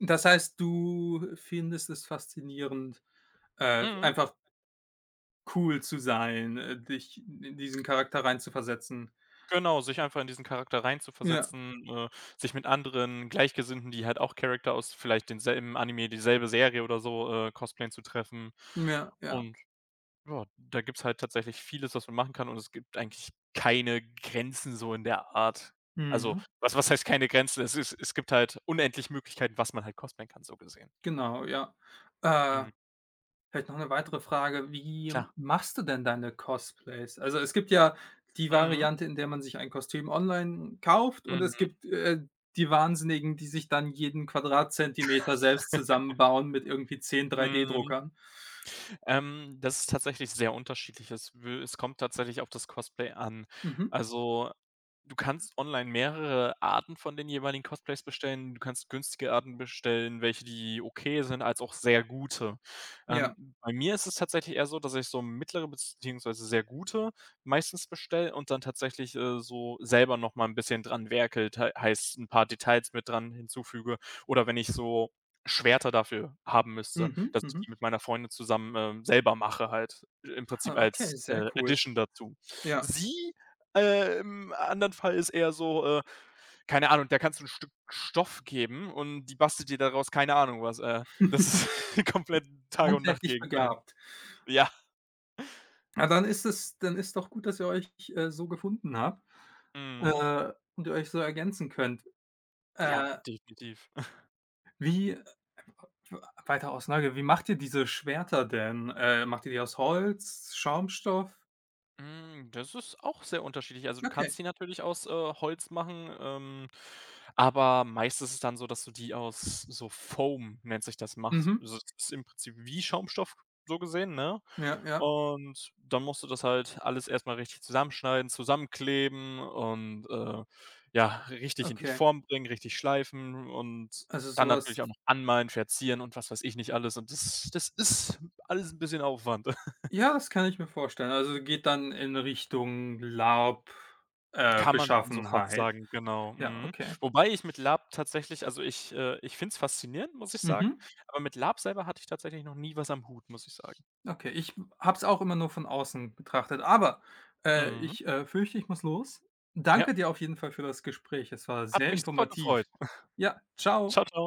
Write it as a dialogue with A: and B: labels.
A: Das heißt, du findest es faszinierend, äh,
B: Mhm.
A: einfach cool zu sein, äh, dich n in diesen Charakter reinzuversetzen.
B: Genau, sich einfach in diesen Charakter
A: Ja.
B: reinzuversetzen, äh, sich mit anderen Gleichgesinnten, die halt auch Character aus vielleicht denselben Anime, dieselbe Serie oder so, äh, cosplayen, zu treffen
A: Ja, ja.
B: und, ja, da gibt's halt tatsächlich vieles, was man machen kann, und es gibt eigentlich keine Grenzen so in der Art. Also,
A: Mhm.
B: was was heißt keine Grenzen? Es ist es gibt halt unendlich Möglichkeit, was man halt cosplayen kann, so gesehen.
A: Genau, ja. Äh,
B: Mhm.
A: vielleicht noch 'ne weitere Frage. Wie
B: Klar.
A: machst du denn deine Cosplays? Also, es gibt ja die
B: Mhm.
A: Variante, in der man sich ein Kostüm online kauft, und es
B: Mhm.
A: gibt, äh, die Wahnsinnigen, die sich dann jeden Quadratzentimeter selbst zusammenbauen mit irgendwie 10
B: Mhm.
A: 3D-Druckern.
B: Ähm, das ist tatsächlich sehr unterschiedlich. Es will es kommt tatsächlich auf das Cosplay an.
A: Mhm.
B: Also, du kannst online mehrere Arten von den jeweiligen Cosplays bestellen. Du kannst günstige Arten bestellen, welche, die okay sind, als auch sehr gute. Ähm,
A: Ja.
B: bei mir ist es tatsächlich eher so, dass ich so mittlere beziehungsweise sehr gute meistens bestelle und dann tatsächlich, äh, so selber noch mal 'n bisschen dran werkle, tei heißt 'n paar Details mit dran hinzufüge, oder wenn ich so Schwerter dafür haben müsste,
A: Mhm.
B: dass ich
A: Mhm.
B: die mit meiner Freundin zusammen, ähm, selber mache halt ch im
A: Ha,
B: Prinzip
A: okay,
B: als,
A: sehr
B: äh,
A: cool.
B: Edition dazu.
A: Ja.
B: Sie, äh, im anderen Fall ist eher so, äh, keine Ahnung, der kannst du 'n Stück Stoff geben und die bastelt dir daraus keine Ahnung was. Äh, das ist komplett Tag und
A: Handwerklich
B: Nacht-Gegenteil.
A: begabt.
B: Ja.
A: Ah, dann ist das dann ist doch gut, dass ihr euch ch äh, so gefunden habt,
B: Mhm.
A: äh, und ihr euch so ergänzen könnt.
B: Ja,
A: Äh
B: definitiv.
A: Wie, äh, w we weiter aus Neugier, wie macht ihr diese Schwerter denn? Äh, macht ihr die aus Holz, Schaumstoff?
B: Hm, das ist auch sehr unterschiedlich. Also, du
A: Okay.
B: kannst die natürlich aus, äh, Holz machen, ähm, aber meist ist es dann so, dass du die aus so Foam, nennt sich das, machst.
A: Mhm.
B: Also, das ist im Prinzip wie Schaumstoff so gesehen, ne,
A: Ja, ja.
B: und dann musst du das halt alles erst mal richtig zusammenschneiden, zusammenkleben und, äh, ja, richtig in die
A: Okay.
B: Form bringen, richtig schleifen und
A: Also, so
B: dann
A: was
B: natürlich auch noch anmalen, verzieren und was weiß ich nicht alles und das das ist alles 'n bisschen Aufwand.
A: Ja, das kann ich mir vorstellen. Also, geht dann in Richtung Lab äh,
B: Kann man schon so fast
A: Beschaffenheit.
B: sagen. Genau.
A: Ja,
B: Mhm.
A: okay.
B: Wobei ich mit Lab tatsächlich also ich, äh, ich finde es faszinierend, muss ich sagen,
A: Mhm.
B: aber mit Lab selber hatte ich tatsächlich noch nie was am Hut, muss ich sagen.
A: Okay, ich, hm, habe es auch immer nur von außen betrachtet, aber, äh,
B: Mhm.
A: ich, äh, fürchte, ich muss los.
B: Ja.
A: Danke dir auf jeden Fall für das Gespräch. Es war
B: Hat
A: sehr
B: mich super gefreut.
A: informativ. Ja, tschau.
B: Tschau, tschau.